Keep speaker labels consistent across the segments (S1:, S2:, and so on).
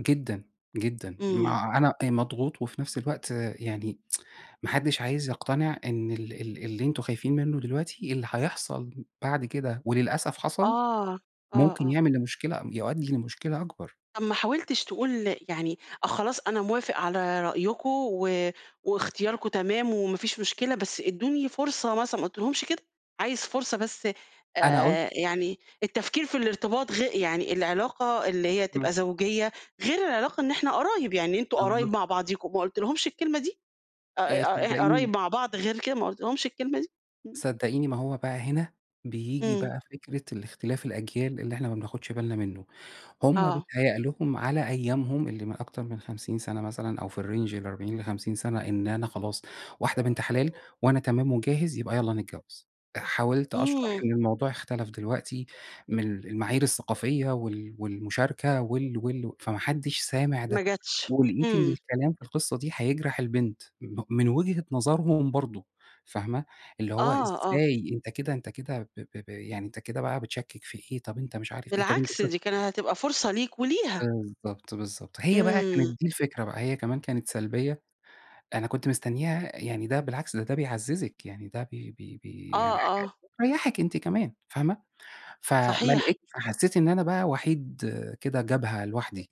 S1: جدًا، جدًا،
S2: إمم.
S1: ما أنا مضغوط وفي نفس الوقت يعني ما حدش عايز يقتنع إن ال ال اللي أنتم خايفين مِنُه دلوقتي، اللي هيحصل بعد كده وللأسف
S2: آه،
S1: حصل،
S2: آه آه
S1: ممكن
S2: آه.
S1: يعمل لمشكلة يؤدّي لمشكلة أكبر.
S2: طَب ما حاولتش تقول يعني آه، خلاص أنا موافق على رأيكم، و واختياركم تمام وما فيش مشكلة، بس إدّوني فرصة مثلًا، ما قُلتلهُمش كده، عايز فرصة بس
S1: أنا قُلت
S2: آآ يعني التفكير في الارتباط غي يعني العلاقة اللي هي
S1: إمم.
S2: تبقى زوجيّة، غير العلاقة إن إحنا قرايب، يعني أنتم قرايب
S1: بالضبط.
S2: مع بعضيكم، ما قُلتلهُمش الكلمة دي؟ ق
S1: آآ،
S2: ق
S1: صدقيني
S2: قرايب مع بعض غير كده ما قُلتلهُمش الكلمة دي؟ إمم.
S1: صدقيني ما هو بقى هنا، بييجي
S2: إمم.
S1: بقى فكرة الاختلاف الأجيال اللي إحنا ما بناخُدش بالنا منُه، هُم
S2: آه.
S1: بيتهيَّأ لهم على أيامهم اللي من أكتر من 50 سَنَة مثلًا أو في الRange ل40 ل50 سَنَة إن أنا خلاص، واحدة بنت حلال، وأنا تمام وجاهز يبقى يالّا نتجوَّز، حاولت أشرح
S2: إمم.
S1: إن الموضوع اختلف دلوقتي، من ال المعايير الثّقافية، وال والمُشاركة وال وال فما حدش سامع
S2: ما
S1: ده،
S2: جاتش،
S1: ولقيت إن
S2: إمم.
S1: الكلام في القصّة دي هيجرح البنت، م من وجهة نظرهُم برضه فاهمة، اللي هو
S2: آه، آه.
S1: إزاي أنت كده أنت كده ب ب ب يعني أنت كده بقى بتشكِّك في إيه، طَب أنت مش عارف إيه، طَب أنت
S2: بالعكس،
S1: ش
S2: دي كان هتبقى فرصة ليك وليها.
S1: بالضبط، بالضبط، هي بقى كانت
S2: إمم.
S1: دي الفكرة بقى، هي كمان كانت سلبية، أنا كنت مستنِّيها يعني ده بالعكس، ده ده بيعزّزِك، يعني ده بي بي
S2: آه،
S1: بي يعني حاجة
S2: آه.
S1: بتريّحِك أنتِ كمان فاهمة، فما
S2: صحيح.
S1: لقيتش فحسّيت إن أنا بقى وحيد كده جبهة لوحدي،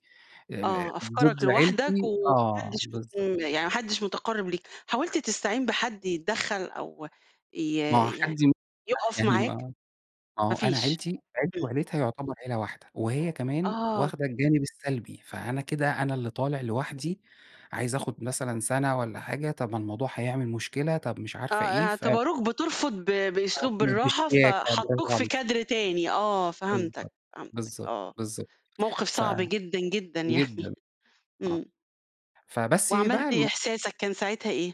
S1: آآ
S2: آه،
S1: م ضد
S2: أفكارك لوحدك
S1: عيلتي
S2: وما
S1: آه،
S2: حدِش ب
S1: بالضبط.
S2: إمم يعني ما حدِش مُتقرّب ليك، حاولت تستعين بحد يتدخّل، أو ي
S1: ما هو حد
S2: يعني
S1: [unintelligible]
S2: يُقف
S1: يعني ما
S2: معاك؟
S1: ما
S2: ما
S1: هو أنا
S2: فيش
S1: عيلتي، عيلتي
S2: إمم.
S1: وعيلتها يعتبر عيلة واحدة، وهي كمان
S2: آه.
S1: واخدة الجانب السَّلبي، فأنا كده أنا اللي طالع لوحدي، عايز آخُد مثلًا سَنَة والّا حاجة، طَب الموضوع هيعمل مشكلة، طَب مش
S2: آه،
S1: عارفة إيه، ف
S2: اعتبروك بترفض ب بأسلوب
S1: أرفض
S2: بالرّاحة، ف
S1: بشياكة
S2: حطُّوك
S1: براڤو
S2: في
S1: عليكِ.
S2: كادر تاني آه، فهمتك،
S1: بالضبط،
S2: فهمتك
S1: بالضبط،
S2: آه،
S1: بالضبط،
S2: موقف
S1: ف
S2: صعب جدًا، جدًا يعني
S1: جدًا، آه،
S2: إمم.
S1: فبس بقى
S2: وعملت إيه،
S1: الم
S2: إحساسك كان ساعتها إيه؟